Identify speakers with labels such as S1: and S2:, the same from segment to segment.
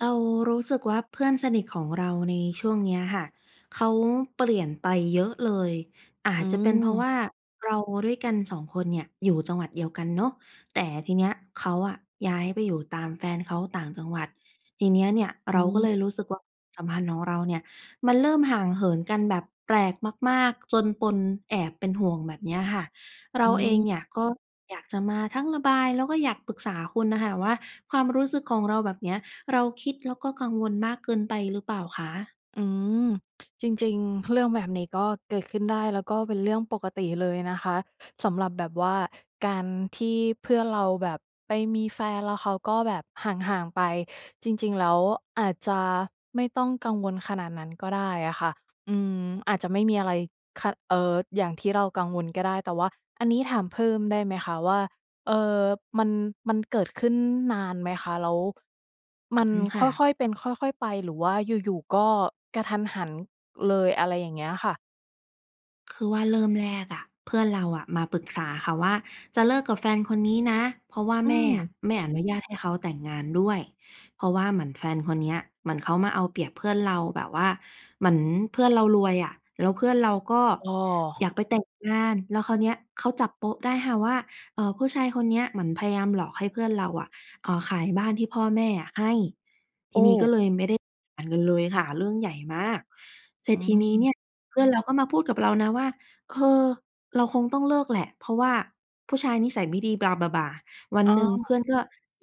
S1: เรารู้สึกว่าเพื่อนสนิทของเราในช่วงเนี้ยค่ะ เขาเปลี่ยนไปเยอะเลย อา
S2: อ
S1: จจะเป็นเพราะว
S2: ืม
S1: ่าเราด้วยกัน 2 คนเนี่ยอยู่จังหวัดเดียวกันเนาะ แต่ทีเนี้ยเขาอะย้ายไปอยู่ตามแฟนเขาต่างจังหวัด ทีนี้เนี่ย
S2: อ
S1: เราก็
S2: ื
S1: เ
S2: ม
S1: ลยรู้สึก ว สัมพันธ์ของเราเนี่ยมันเริ่มห่างเหินกันแบบแปลกมาก ๆ จนปนแอบเป็นห่วง แบบเนี้ยค่ะ เร
S2: อ
S1: าเอง
S2: ืม
S1: เนี่ยก็อยากจะมาทั้งระบาย แล้วก็อยากปรึกษาคุณอะค่ะว่า ความรู้สึกของเราแบบเนี้ย เราคิดแล้วก็กังวลมากเกินไปหรือเปล่าคะ?
S2: อืม จริง ๆ เรื่องแบบนี้ก็เกิดขึ้นได้ แล้วก็เป็นเรื่องปกติเลยนะคะ สำหรับแบบว่าการที่เพื่อนเราแบบไปมีแฟน แล้วเขาก็แบบห่าง ๆ ไป จริง ๆ แล้วอาจจะไม่ต้องกังวลขนาดนั้นก็ได้อะค่ะ อืม อาจจะไม่มีอะไรขะ เอ่อ อย่างที่เรากังวลก็ได้ แต่ว่าอันนี้ถามเพิ่มได้ไหมคะว่า เอ่อ มัน มันเกิดขึ้นนานไหมคะ? แล้ว ม
S1: อ
S2: ัน
S1: อืม ค
S2: ค
S1: ่ะ
S2: ่อย ๆ เป็น ค่อย ๆ ไป หรือว่าอยู่ ๆ ก็กะทันหันเลย อะไรอย่างเงี้ยค่ะ?
S1: คือว่าเริ่มแรกอะ เพื่อนเราอะ มาปรึกษาค่ะว่าจะเลิกกับแฟนคนนี้นะ เพราะว่า
S2: อื
S1: แม่อะ
S2: ม
S1: ไม่อนุญาตให้เขาแต่งงานด้วย เพราะว่าเหมือนแฟนคนเนี้ย เหมือนเขามาเอาเปรียบเพื่อนเรา แบบว่าเหมือนเพื่อนเรารวยอะ แล้วเพื่อนเราก็
S2: อ๋อ
S1: อยากไปแต่งงาน แล้วคราวเนี้ยเขาจับโป๊ะได้ค่ะว่า เอ่อ ผู้ชายคนเนี้ยเหมือนพยายามหลอกให้เพื่อนเราอะ เอ่อ ขายบ้านที่พ่อแม่อะให้
S2: โอ้
S1: ทีนี้ก็เลยไม่ได้ [unintelligible] กันเลยค่ะ เรื่องใหญ่มาก เสร
S2: อ
S1: ็
S2: ื
S1: จทีนี้เ
S2: ม
S1: นี่ยเพื่อนเราก็มาพูดกับเรานะว่า "เออ เราคงต้องเลิกแหละเพราะว่าผู้ชายนิสัยไม่ดี Blah Blah Blah" วัน
S2: อ๋
S1: หนึ่งเพื
S2: อ
S1: ่อนก็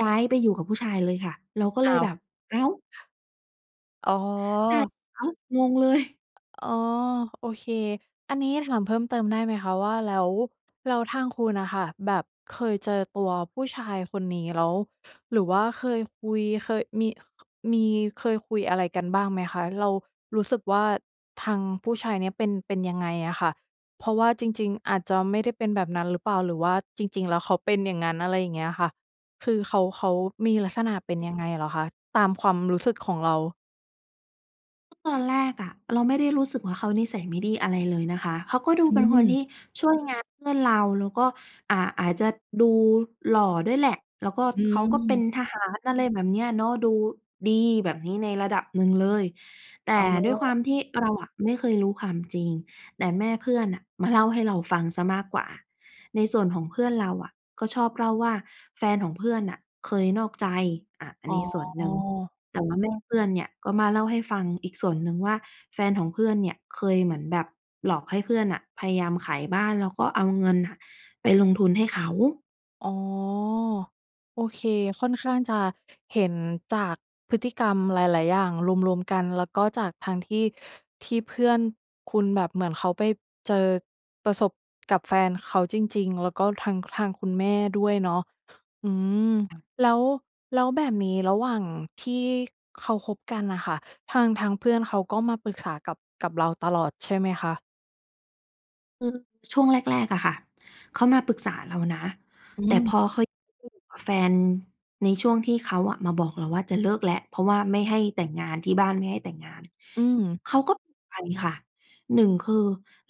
S1: ย้ายไปอยู่กับผู้ชายเลยค่ะ เราก็เ
S2: อ
S1: ล
S2: ้
S1: ย
S2: าว
S1: แบบ "อ้าว!"
S2: อ๋อ
S1: ใช่ อ้าว! งงเลย
S2: อ อ๋อ โอเค อันนี้ถามเพิ่มเติมได้ไหมคะว่า แล้ว แล้วทางคุณอะค่ะ แบบเคยเจอตัวผู้ชายคนนี้แล้ว หรือว่าเคยคุย เคยมี มี เคยคุยอะไรกันบ้างไหมคะ เรารู้สึกว่าทางผู้ชายเนี่ยเป็น เป็นยังไงอะค่ะ เพราะว่าจริง ๆ อาจจะไม่ได้เป็นแบบนั้นหรือเปล่า หรือว่าจริง ๆ แล้วเขาเป็นอย่างนั้น อะไรอย่างเงี้ยค่ะ คือเขา เขามีลักษณะเป็นยังไงเหรอคะ? ตามความรู้สึกของเรา
S1: ก็ตอนแรกอะเราไม่ได้รู้สึกว่าเขานิสัยไม่ดีอะไรเลยนะคะ เขาก็ดู
S2: อ
S1: เป็นคนท
S2: ืม
S1: ี่ช่วยงานเพื่อนเรา แล้วก็ อ่า อาจจะดูหล่อด้วยแหละ แล้วก็
S2: อ
S1: เขาก็เป็น
S2: ืม
S1: ทหาร อะไรแบบเนี้ยเนาะ ดูดีแบบนี้ในระดับหนึ่งเลย แต
S2: อ อ
S1: ่
S2: ๋อ
S1: ด้วยความที่เราอะไม่เคยรู้ความจริง แต่แม่เพื่อนน่ะมาเล่าให้เราฟังเสียมากกว่า ในส่วนของเพื่อนเราอะ ก็ชอบเล่าว่าแฟนของเพื่อนน่ะเคยนอกใจ อา อัน
S2: อ๋
S1: นี้ส่วนหนึ่ง
S2: อ
S1: แต่ว่าแม่เพื่อนเนี่ยก็มาเล่าให้ฟังอีกส่วนหนึ่งว่า แฟนของเพื่อนเนี่ยเคยเหมือน แบบหลอกให้เพื่อนน่ะพยายามขายบ้านแล้วก็เอาเงินอะไปลงทุนให้เขา
S2: อ๋อ โอเค ค่อนข้างจะเห็นจากพฤติกรรมหลาย ๆ อย่าง รวม ๆ กัน แล้วก็จากทางที่ ที่เพื่อนคุณแบบเหมือนเขาไปเจอ ประสบกับแฟนเขาจริง ๆ แล้วก็ทั้งทางคุณแม่ด้วยเนาะ อืม แล้ว แล้วแบบนี้ระหว่างที่เขาคบกันน่ะค่ะ ทาง ทางเพื่อนเขาก็มาปรึกษากับ กับเราตลอด ใช่ไหมคะ?
S1: คือช่วงแรก ๆ อะค่ะ เขามาปรึกษาเรานะ
S2: อ
S1: แ
S2: ื
S1: ต่พ
S2: ม
S1: อเขา อยู่กับแฟน ในช่วงที่เขาอะมาบอกเราว่าจะเลิกแล้ว เพราะว่าไม่ให้แต่งงาน ที่บ้านไม่ให้แต่งงาน
S2: อืม
S1: เขาก็ ไปค่ะ 1 คือ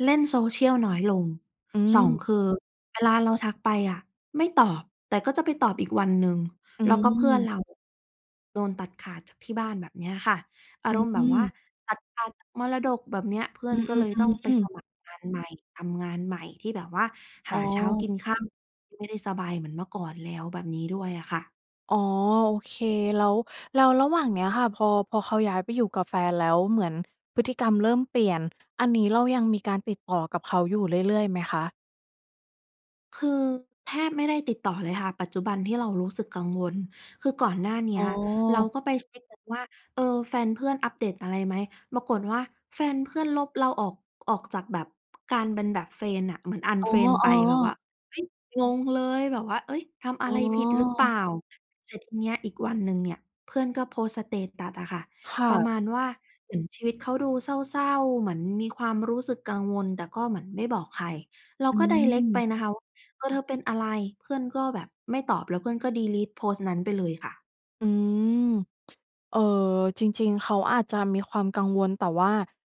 S1: เล่น Social น้อยลง
S2: อื
S1: 2
S2: ม
S1: คือเวลาเราทักไปอะไม่ตอบ แต่ก็จะไปตอบอีกวันหนึ่ง
S2: อื
S1: แล้วก็เพื่อน
S2: ม
S1: เรา โดนตัดขาดจากที่บ้าน แบบเนี้ยค่ะ อา
S2: อื
S1: รมณ์แบบว่า
S2: ม
S1: ตัดขาดจากมรดก แบบเนี้ย เพื่อ
S2: อ
S1: น
S2: ื
S1: ก็เล
S2: อ ๆ
S1: ยต้อง
S2: ๆ
S1: ไป
S2: อื
S1: ส
S2: ม
S1: มัครงานใหม่ ทำงานใหม่ ที่แบบว่า
S2: อ
S1: ห
S2: ๋
S1: า
S2: อ
S1: เช้ากินค่ำ ที่ไม่ได้สบายเหมือนเมื่อก่อนแล้ว แบบนี้ด้วยอะค่ะ
S2: อ๋อ โอเค แล้ว แล้วระหว่างเนี้ยค่ะ พอ พอเขาย้ายไปอยู่กับแฟนแล้ว เหมือนพฤติกรรมเริ่มเปลี่ยน อันนี้เรายังมีการติดต่อกับเขาอยู่ เรื่อย ๆ ไหมคะ?
S1: คือแทบไม่ได้ติดต่อเลยค่ะ ปัจจุบันที่เรารู้สึกกังวล คือก่อนหน้าเนี
S2: อ
S1: ้
S2: ๋
S1: ย
S2: อ
S1: เราก็ไปเช็กกันว่า เออ แฟนเพื่อนอัปเดตอะไรไหม ปรากฏว่าแฟนเพื่อนลบเราออก ออกจากแบบ การเป็นแบบ เฟรนด์ อะ เหมือน
S2: อ๋อ
S1: unfriend ไปแบบว่
S2: ๆ
S1: า เฮ้ย งงเลยแบบว่า "เอ๊ย ทำอะ
S2: อ๋
S1: ไรผิดรึเปล่า?"
S2: อ
S1: เสร็จทีเนี้ย อีกวันหนึ่งเนี่ย เพื่อนก็โพสต์ สเตตัส อะค่ะ
S2: ค่
S1: ประ
S2: ะ
S1: มาณว่าเหมือนชีวิตเขาดูเศร้า ๆ เหมือนมีความรู้สึกกังวล แต่ก็เหมือนไม่บอกใคร เรา
S2: อื
S1: ก็ direct ไป
S2: ม
S1: นะคะว่า เออ "เธอเป็นอะไร?" เพื่อนก็แบบไม่ตอบ แล้วเพื่อนก็ ดีลีต โพสต์นั้นไปเลยค่ะ
S2: อืม เอ่อ จริง ๆ เขาอาจจะมีความกังวล แต่ว่า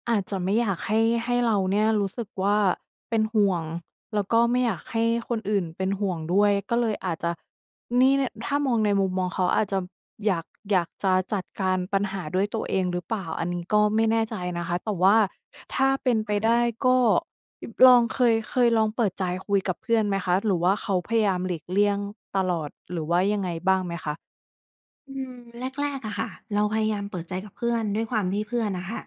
S2: อาจจะไม่อยากให้ ให้เราเนี่ยรู้สึกว่าเป็นห่วง แล้วก็ไม่อยากให้คนอื่นเป็นห่วงด้วย ก็เลยอาจจะ นี่ ล ถ้ามองในมุมมองเขาอาจจะอยาก อยากจะจัดการปัญหาด้วยตัวเองหรือเปล่า อันนี้ก็ไม่แน่ใจนะคะ แต่ว่าถ้าเป็นไ
S1: ค
S2: ป
S1: ่ะ
S2: ได้ก็ ย ลอง เคย เคยลองเปิดใจคุยกับเพื่อนไหมคะ? หรือว่าเขาพยายามหลีกเลี่ยงตลอด? หรือว่ายังไงบ้างไหมคะ?
S1: อืม แรก ๆ อะค่ะ เราพยายามเปิดใจกับเพื่อน ด้วยความที่เพื่อนอะค่ะ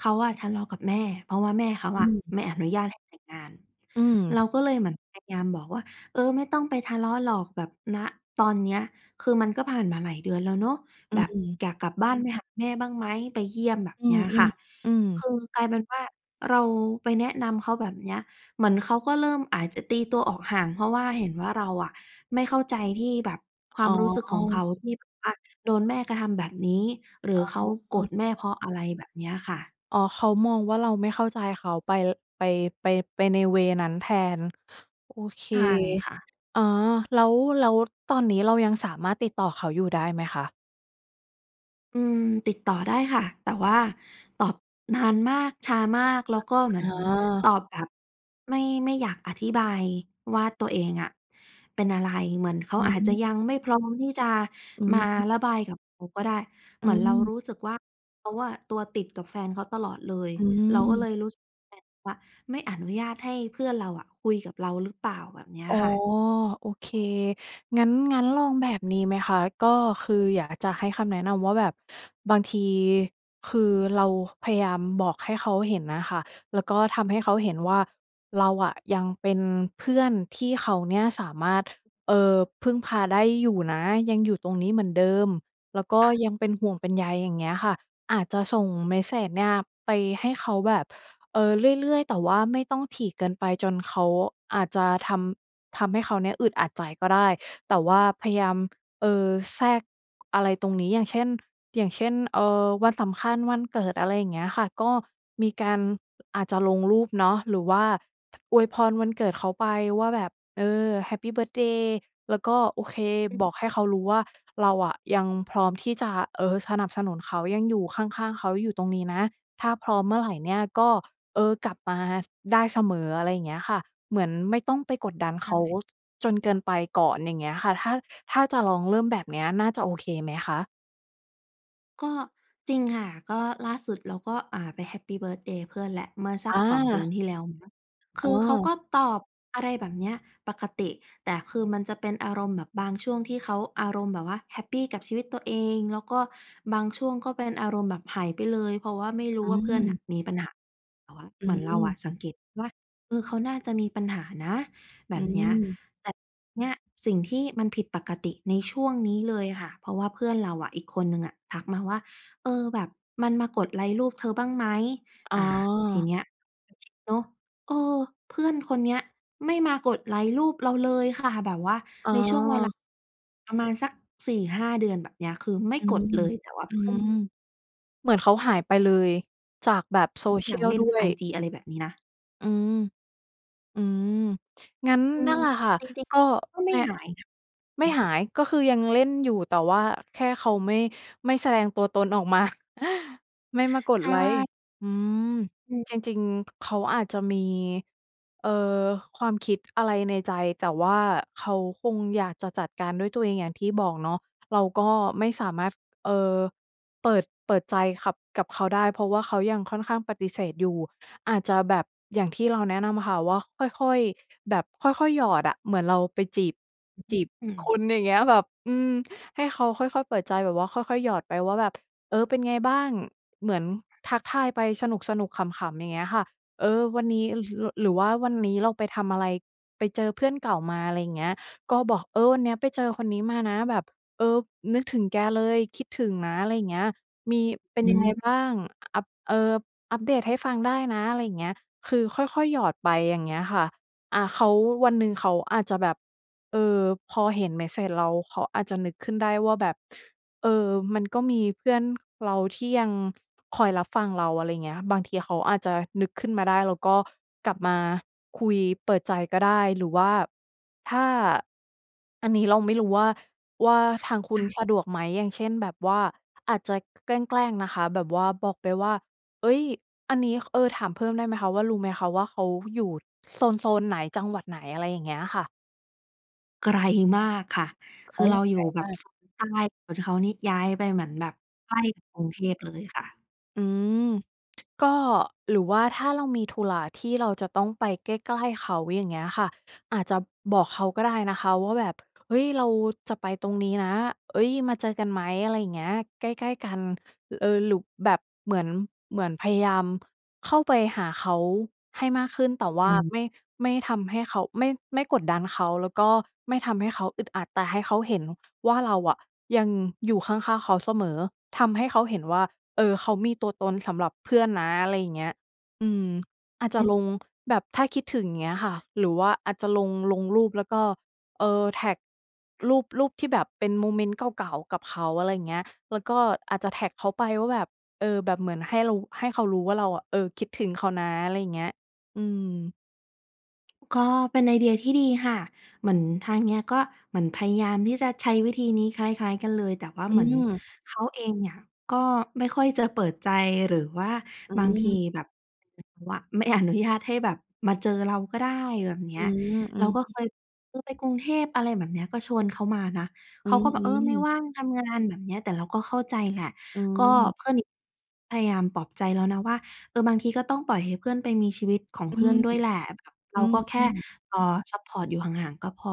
S1: เขาอะทะเลาะกับแม่ เพราะว่าแม่เขา
S2: อ
S1: อะ
S2: ืม
S1: ไม่อนุญาตให้แต่งงาน
S2: อื
S1: เรา
S2: ม
S1: ก็เลยเหมือนพยายามบอกว่า เออ ไม่ต้องไปทะเลาะหรอก แบบ ณ ตอนเนี้ย คือมันก็ผ่านมาหลายเดือนแล้วเนาะ
S2: อื
S1: แบบ
S2: ม
S1: "อยากกลับบ้านไปหาแม่บ้างไหม? ไปเยี่ยม" แบบ
S2: อื
S1: เนี้
S2: ม
S1: ยค่ะ
S2: ๆ อื
S1: ค
S2: ม
S1: ือกลายเป็นว่า เราไปแนะนำเขาแบบเนี้ย เหมือนเขาก็เริ่มอาจจะตีตัวออกห่าง เพราะว่าเห็นว่าเราอะ ไม่เข้าใจที่แบบ ควา
S2: อ๋
S1: มรู้สึกของเขา
S2: อ
S1: ที่แบบว่าโดนแม่กระทำแบบนี้ หรือ
S2: อ
S1: เขาโกร
S2: ๋
S1: ธ
S2: อ
S1: แม่ เพราะอะไร? แบบเนี้ยค่ะ
S2: อ๋อ เขามองว่าเราไม่เข้าใจเขาไป ร ไป ไป ไปใน เวย์ นั้นแทน โอเค
S1: ใช่ค่ะ
S2: อา แล้ว แล้วตอนนี้เรายังสามารถติดต่อเขาอยู่ได้ไหมคะ?
S1: อืม ติดต่อได้ค่ะ แต่ว่าตอบนานมาก ช้ามาก แล้วก็เหมื
S2: อ
S1: อ
S2: ๋
S1: น
S2: อ
S1: ตอบแบบไม่ ไม่อยากอธิบายว่าตัวเองอะเป็นอะไร เหมือนเขา
S2: อื
S1: อาจจะยัง
S2: ม
S1: ไม่พร้อมที่จะ
S2: อ
S1: มา
S2: ืม
S1: ระบายกับเราก็ได้ เ
S2: อ
S1: ห
S2: ื
S1: มือนเราร
S2: ม
S1: ู้สึกว่าเขาอะตัวติดกับแฟนเขาตลอดเลย
S2: อ
S1: เราก็เ
S2: ื
S1: ล
S2: ม
S1: ยรู้สึกเหมือนแฟนเขาอะไม่อนุญาตให้เพื่อนเราอะคุยกับเราหรือเปล่า แบบนี้
S2: อ๋อ
S1: ค่ะ?
S2: โอเค งั้น งั้นลองแบบนี้ไหมคะ ก็คืออยากจะให้คำแนะนำว่า แบบบางทีคือเราพยายามบอกให้เขาเห็นน่ะค่ะ แล้วก็ทำให้เขาเห็นว่าเราอะยังเป็นเพื่อนที่เขาเนี่ยสามารถ เอ่อ พึ่งพาได้อยู่นะ ยังอยู่ตรงนี้เหมือนเดิม แล้วก็
S1: ค่ะ
S2: ยังเป็นห่วงเป็นใย อย่างเงี้ยค่ะ อาจจะส่งเมสเซจเนี่ยไปให้เขาแบบ เอ่อ เรื่อย ๆ แต่ว่าไม่ต้องถี่เกินไปจนเขา อาจจะทำ ทำให้เขาเนี่ยอึดอัดใจก็ได้ แต่ว่าพยายาม เออ แทรก อะไรตรงนี้ อย่างเช่น อย่างเช่น เออ วันสำคัญ วันเกิด อะไรอย่างเงี้ยค่ะ ก็มีการ อาจจะลงรูปเนาะ หรือว่า อวยพรวันเกิดเขาไปว่าแบบ เออ แฮปปีเบิร์ท์เดย์ แล้วก็ โอเค
S1: อืม
S2: บอกให้เขารู้ว่า เราอะยังพร้อมที่จะ เอ่อ สนับสนุนเขา ยังอยู่ข้าง ๆ เขาอยู่ตรงนี้นะ ถ้าพร้อมเมื่อไรเนี่ยก็ เออ กลับมาได้เสมอ อะไรอย่างเงี้ยค่ะ เหมือนไม่ต้องไปกดดัน
S1: ใช
S2: เขา
S1: ่
S2: จนเกินไปก่อน อย่างเงี้ยค่ะ ถ้า ถ้าจะลองเริ่มแบบเนี้ยน่าจะโอเคไหมคะ?
S1: ก็จริงค่ะ ก็ล่าสุดเราก็ อ่า ไปแฮปปีเบิร์ทเดย์เพื่อนแหละ เมื่อสัก 2 เดือ
S2: อ
S1: น
S2: า
S1: ที่แล้วมั้ง ค
S2: อ
S1: ื
S2: ๋
S1: อเขา
S2: อ
S1: ก็ตอบ อะไรแบบเนี้ย ปกติ แต่คือมันจะเป็นอารมณ์แบบบางช่วงที่เขาอารมณ์แบบว่าแฮปปีกับชีวิตตัวเอง แล้วก็บางช่วงก็เป็นอารมณ์แบบหายไปเลย เพราะว่าไม่รู้
S2: อื
S1: ว่าเพื่อนน
S2: ม
S1: ่ะมีปัญหา แต่ว่า
S2: อ
S1: เหมือนเราอะ
S2: ืม
S1: สังเกตว่า เออ เขาน่าจะมีปัญหานะ แบ
S2: อื
S1: บเนี้ย
S2: ม
S1: แต่เนี่ยสิ่งที่มันผิดปกติในช่วงนี้เลยอะค่ะ เพราะว่าเพื่อนเราอะอีกคนหนึ่งอะ ทักมาว่า "เออ แบบมันมากดไลก์รูปเธอบ้างไหม?"
S2: อ๋
S1: อ
S2: อ
S1: ่า ทีเนี้ย เออ จริงเนาะ เออ เพื่อนคนเนี้ยไม่มากดไลก์รูปเราเลยค่ะ แบบว่า
S2: อ๋
S1: ใน
S2: อ
S1: ช่วงเวลา ประมาณสัก 4-5 เดือน แบบเนี้ย คือไม่
S2: อื
S1: ก
S2: ม
S1: ดเลย แต่ว่า
S2: อื
S1: เพื่อน
S2: ม เหมือนเขาหายไปเลยจากแบบ
S1: นาง
S2: social
S1: เล่
S2: ด
S1: น
S2: ้ว
S1: ไอ
S2: ย
S1: จี อะไรแบบนี้นะ
S2: อืม อืม งั้น
S1: อื
S2: นั
S1: ม
S2: ่นแหละค่ะ
S1: จริง
S2: ก็
S1: ๆ ก็ไม
S2: เ
S1: ่
S2: นี่ย
S1: หายนะ อื
S2: ไม่
S1: ม
S2: หาย ก็คือยังเล่นอยู่ แต่ว่าแค่เขาไม่ ไม่แสดงตัวตนออกมา ไม่มาก
S1: ใ
S2: ด
S1: ช
S2: ไลก์
S1: ่
S2: อืม
S1: อืม
S2: จริง ๆ เขาอาจจะมี เอ่อ ความคิด อะไรในใจ แต่ว่าเขาคงอยากจะจัดการด้วยตัวเอง อย่างที่บอกเนาะ เราก็ไม่สามารถ เอ่อ เปิด เปิดใจขับ กับเขาได้ เพราะว่าเขายังค่อนข้างปฏิเสธอยู่ อาจจะแบบ อย่างที่เราแนะนำค่ะว่า ค่อย ๆ แบบค่อย ๆ หยอดอะ เหมือนเราไปจีบ
S1: อือฮ
S2: จ
S1: ึ
S2: ีบ
S1: อื
S2: ค
S1: ม
S2: ุณ อย่างเงี้ย แบบ อืม ให้เขาค่อย ๆ เปิดใจ แบบว่าค่อย ๆ หยอดไปว่าแบบ "เออ เป็นไงบ้าง?" เหมือนทักทายไปสนุก ๆ ขำ ๆ อย่างเงี้ยค่ะ เออ วันนี้ ร หรือ หรือว่าวันนี้เราไปทำอะไร ไปเจอเพื่อนเก่ามา อะไรอย่างเงี้ย ก็บอก "เออ วันเนี้ยไปเจอคนนี้มานะ แบบ เออ นึกถึงแกเลย คิดถึงนะ" อะไรอย่างเงี้ย "มี เป็น
S1: อ
S2: ยังไง
S1: ืม
S2: บ้าง? อ อัป เอ่อ อัปเดตให้ฟังได้นะ" อะไรอย่างเงี้ย คือค่อย ๆ หยอดไป อย่างเงี้ยค่ะ อา เขา วันหนึ่งเขาอาจจะแบบ เออ พอเห็นเมสเซจเรา เขาอาจจะนึกขึ้นได้ว่าแบบ เออ มันก็มีเพื่อน เราที่ยังคอยรับฟังเรา อะไรอย่างเงี้ยค่ะ บางทีเขาอาจจะนึกขึ้นมาได้ แล้วก็กลับมาคุยเปิดใจก็ได้ หรือว่า ถ้า อันนี้เราไม่รู้ว่า ว่าทางคุ
S1: ค
S2: ณ
S1: ่ะ
S2: สะดวกไหม อย่างเช่น แบบว่าอาจจะ แกล้ง ๆ นะคะแบบว่า บอกไปว่า "เอ๊ย! อันนี้" เออ ถามเพิ่มได้ไหมคะว่า รู้ไหมคะ ว่าเขาอยู่โซน ๆ ไหน จังหวัดไหน? อะไรอย่างเงี้ยค่ะ
S1: ไกล มากค่ะ ค
S2: อ
S1: ื
S2: ้า
S1: อ
S2: ว
S1: เราอย
S2: ไก
S1: ู
S2: ล
S1: ่แบ
S2: ม
S1: บ
S2: าก
S1: โซนใต้ ส่วนเขานี่ย้ายไปเหมือนแบบใกล้กับกรุงเทพเลยค่ะ
S2: อืม ก็ หรือว่าถ้าเรามีธุระที่เราจะต้องไปใกล้ ๆ เขา อย่างเงี้ยค่ะ อาจจะบอกเขาก็ได้นะคะว่าแบบ "เฮ้ย เราจะไปตรงนี้นะ เอ๊ย มาเจอกันไหม?" อะไรอย่างเงี้ย "ใกล้ ๆ กัน" ล เอ่อ หรือแบบเหมือน เหมือนพยายามเข้าไปหาเขาให้มากขึ้น แต่ว
S1: อ
S2: ่า
S1: ืม
S2: ไม่ ไม่ทำให้เขา ไม่ ไม่กดดันเขา แล้วก็ไม่ทำให้เขาอึดอัด แต่ให้เขาเห็นว่าเราอะยังอยู่ข้าง ๆ เขาเสมอ ทำให้เขาเห็นว่า เอ่อ เขามีตัวตนสำหรับเพื่อนนะ อะไรอย่างเงี้ย อืม อาจจ
S1: อ
S2: ะ
S1: ืม
S2: ลง แบบถ้าคิดถึง อย่างเงี้ยค่ะ หรือว่าอาจจะลง ลงรูปแล้วก็ เอ่อ แท็กรูป รูปที่แบบเป็นโมเมนต์เก่า ๆ กับเขา อะไรอย่างเงี้ย แล้วก็อาจจะแท็กเขาไปว่าแบบ เอ่อ แบบเหมือนให้เรา ให้เขารู้ว่าเราอะ เอ่อ คิดถึงเขานะ อะไรอย่างเงี้ย อืม
S1: ก็เป็นไอเดียที่ดีค่ะ เหมือนทางเนี้ยก็เหมือนพยายามที่จะใช้วิธีนี้คล้าย ๆ กันเลย แต่ว่า
S2: อื
S1: เหมือน
S2: ม
S1: เขาเองเนี่ย ก็ไม่ค่อยจะเปิดใจ หรือว่า
S2: อ
S1: บางที
S2: ืม
S1: แบบ ว ไม่อนุญาตให้แบบมาเจอเราก็ได้ แบบเนี
S2: อ
S1: ้
S2: ื
S1: ย
S2: ม อื
S1: เรา
S2: อ
S1: ก็
S2: ฮ
S1: เ
S2: ึ
S1: คย เคยไปกรุงเทพ อะไรแบบเนี้ย ก็ชวนเขามานะ
S2: อ
S1: เ
S2: ื
S1: ขาก็แบบ "เออ ไม่
S2: ม ๆ
S1: ว่างทำงาน" แบบเนี้ย แต่เราก็เข้าใจแหละ
S2: อื
S1: ก็
S2: ม
S1: เพื่อนอีก พยายามปลอบใจแล้วนะว่า "เออ บางทีก็ต้องปล่อยให้เพื่อนไปมีชีวิตของ
S2: อ
S1: เ
S2: ื
S1: พื่อน
S2: ม
S1: ด้วยแหละ แบบเ
S2: อ
S1: ราก็แค
S2: ื
S1: ่
S2: ม ๆ
S1: เอ่อ ซัปพอร์ตอยู่ห่าง ๆ ก็พอ"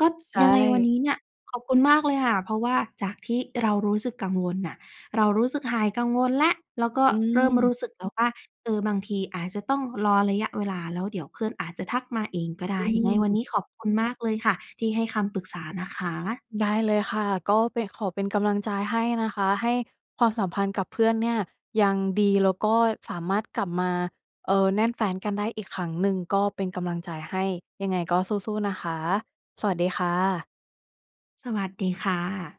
S1: ก็
S2: ใช
S1: ยังไงวัน
S2: ่
S1: นี้เนี่ย ขอบคุณมากเลยค่ะ เพราะว่าจากที่เรารู้สึกกังวลน่ะ เรารู้สึกหายกังวลแล้ว แล้วก็
S2: อ
S1: เริ่มร
S2: ืม
S1: ู้สึกแล้วว่า เออ บางทีอาจจะต้องรอระยะเวลา แล้วเดี๋ยวเพื่อนอาจจะทักมาเองก็ได
S2: อ
S1: ้
S2: ื
S1: ยังไงวัน
S2: ม
S1: นี้ขอบคุณมากเลยค่ะ ที่ให้คำปรึกษานะคะ
S2: ได้เลยค่ะ ก็เป็น ขอเป็นกำลังใจให้นะคะ ให้ ความสัมพันธ์กับเพื่อนเนี่ยยังดี แล้วก็สามารถกลับมา เอ่อ แน่นแฟ้นกันได้อีกครั้งหนึ่ง ก็เป็นกำลังใจให้ ยังไงก็สู้ ๆ นะคะ สวัสดีค่ะ
S1: สวัสดีค่ะ